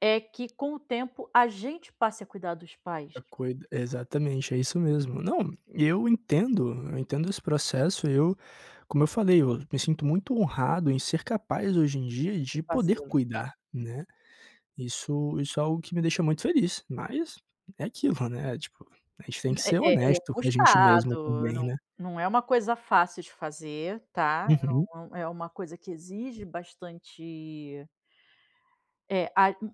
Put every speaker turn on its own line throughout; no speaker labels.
É que com o tempo a gente passe a cuidar dos pais.
É cuid exatamente, é isso mesmo. Não, e eu entendo, eu entendo esse processo, eu como eu falei, eu me sinto muito honrado em ser capaz hoje em dia
De
de poder
fazê-lo.
cuidar, né. Isso isso é algo que me deixa muito feliz, mas é aquilo, né, tipo, a gente tem que
É
ser
é é
honesto com a gente mesmo
puxado,
também,
não
né.
não é uma coisa fácil de fazer, tá.
Uhum.
É um é uma coisa que exige bastante eh, a u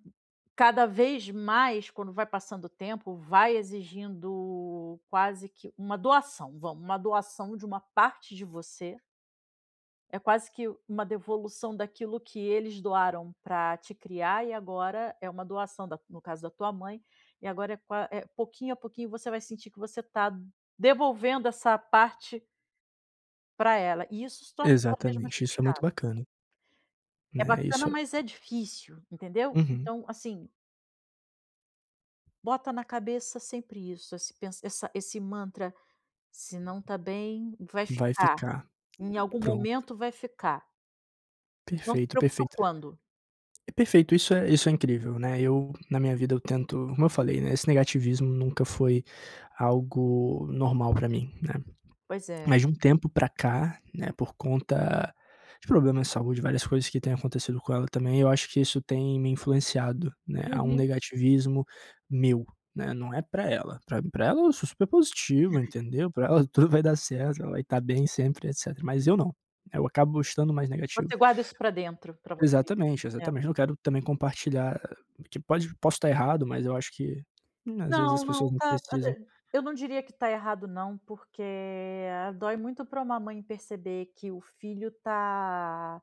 cada vez mais, quando vai passando o tempo, vai exigindo quase que uma doação, vamos uma doação de parte de você. É quase que uma devolução daquilo que eles doaram pra te criar e agora é uma doação da no caso da tua mãe, e agora é qua eh, pouquinho a pouquinho você vai sentir que você tá devolvendo essa parte pra ela e isso se torna cada vez mais
Exatamente, isso é muito
puxado.
bacana.
É
Né,
bacana,
isso é
mas é difícil, entendeu.
Uhum.
Então, assim bota na cabeça sempre isso, esse pens essa esse mantra: "Se não tá bem, vai
Vai
ficar.
ficar.
Em algum
Pronto.
momento vai ficar". Não se
Perfeito,
preocupa
perfeito.
quando.
Perfeito, isso é isso é incrível, né, eu, na minha vida, eu tento como eu falei, né, esse negativismo nunca foi algo normal pra mim, né.
Pois é.
Mas de um tempo para cá, né, por conta de problemas de saúde, várias coisas que têm acontecido com ela também, eu acho que isso tem me influenciado, né, a um
Uhum.
negativismo meu, né. Não é pra ela, pra pra ela eu sou super positivo, entendeu, pra ela tudo vai dar certo, ela vai estar bem sempre, etcétera. Mas eu não, eu acabo estando mais negativo.
Você guarda isso pra dentro, pra você.
Exatamente,
É.
exatamente. Eu não quero também compartilhar, que pode posso estar errado, mas eu acho que, hum, às vezes as
Não, não,
pessoas não
tá,
precisam
eu não diria que tá errado não, porque dói muito pra uma mãe perceber que o filho tá